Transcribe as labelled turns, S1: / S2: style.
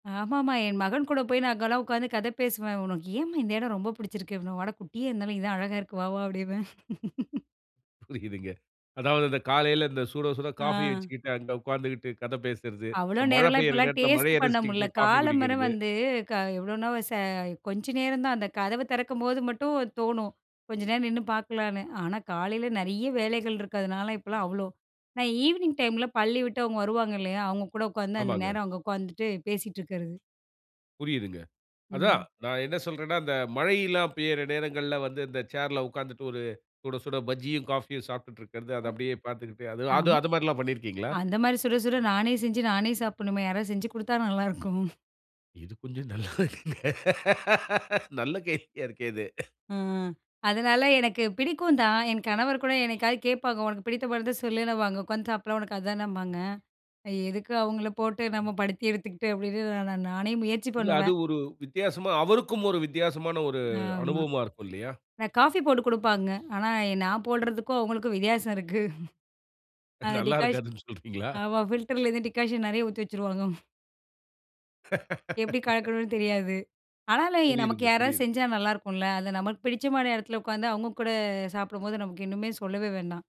S1: ஆமாமா. என் மகன் கூட போய் நான் அங்கலாம் உக்காந்து கத பேசுவேன். உனக்கு ஏம்மா! இந்த இடம் ரொம்ப பிடிச்சிருக்கு? அப்பிடின்னுவான். வாடா! குட்டியா இருந்தாலும் இதான் அழகா இருக்கு. வா! வா! அப்டீம்பேன்
S2: புரியுதுங்க. அதாவது இந்த காலையில இந்த சுடசுட காஃபி
S1: ஆ.
S2: வச்சுக்கிட்டு, அங்க உக்காந்துகிட்டு கத பேசுறது,
S1: அவ்ளோ
S2: இந்த மழ
S1: நேரம்லாம்
S2: பெய்யிற
S1: இப்பல்லாம்
S2: நேரத்தில
S1: டேஸ்ட்
S2: மழைய
S1: பண்ண முடியல.
S2: ரசிச்சுகிட்டே காஃபி
S1: காலையில
S2: குடிக்கிறது.
S1: வந்து, கா எவ்வளவுன்னா ச கொஞ்ச நேரந்தான், அந்த கதவ திறக்கும்போது மட்டும் தோணும். கொஞ்ச நேரம் நின்னு பாக்கலான்னு. ஆனா, காலையில நெறைய வேலைகள் இருக்கிறதுனால, இப்பல்லாம் அவ்ளோ நான் ஈவினிங் டைம்ல பள்ளி விட்டு அவுங்க வருவாங்க இல்லயா! அவுங்க கூட உக்காந்து அந்த
S2: ஆமாங்க.
S1: நேரம் அங்க உக்காந்துட்டு பேசிட்டுருக்கிறது.
S2: புரியுதுங்க. அதான்,
S1: ம்.
S2: நான் என்ன சொல்றேன்னா, இந்த மழை எல்லாம் பெய்யிற நேரங்கள்ல வந்து, இந்த சேர்ல உக்காந்துட்டு ஒரு சுடசுட பஜ்ஜியும், காஃபியும் சாப்பிட்டுட்டு இருக்கிறது, அது அப்படியே பாத்துக்கிட்டு, அது அது
S1: அம்.
S2: அதுமாரிலாம் பண்ணியிருக்கீங்களா?
S1: அந்தமாரி சுடசுட நானே செஞ்சு, நானே சாப்பிபுட்ணும்மே! யாராவது செஞ்சு குடுத்தா நல்லாருக்கும்.
S2: இது கொஞ்சம் நல்லா இருக்குங்க. நல்ல கேள்வியா இருக்கே இது.
S1: ஆ. அதனால எனக்கு பிடிக்கும் தான். என் கணவர்கூட என்னைக்காவது கேப்பாங்க. உனக்கு பிடித்த படத்த சொல்லுன்னுவாங்க. நம்ம அங்க உக்காந்து சாப்பிட்லாம், உனக்கு அதானபாங்க. எ எதுக்கு அவுங்கள போட்டு நம்ம படுத்தி எடுத்துகிட்டு [unintelligible] நா நா நானே முயற்சி
S2: இல்ல. அது
S1: பண்ணுவேன்.
S2: ஒரு வித்தியாசமா, அவருக்கும் ஒரு வித்தியாசமான ஒரு
S1: ஆமா.
S2: அனுபவமா இருக்கும் இல்லயா!
S1: நான் காஃபி போட்டு குடுப்பாங்க. ஆனா, நான் போடுறதுக்கும் அவுங்களுக்கும் வித்தியாசம் இருக்கு. அந்த
S2: நல்லா
S1: டிக்காஸ்
S2: இருக்காதுன்னு சொல்றீங்களா?
S1: ஆமா, ஃபில்டரிலருந்து டிகாக்ஷன் நெறைய ஊத்தி வச்சுருவாங்க. ம். எப்பிடி கலக்கணுன்னு தெரியாது. ஆனாலும், நமக்கு
S2: புரியுதுங்க.
S1: யாராது
S2: புரியுது.
S1: செஞ்சா நல்லாயிருக்குல்ல. அது நமக்கு பிடிச்சமான எடத்துல உக்காந்து, அவுங்க கூட சாப்பிடும்போது, நமக்கு இன்னுமே சொல்லவே வேண்டாம்.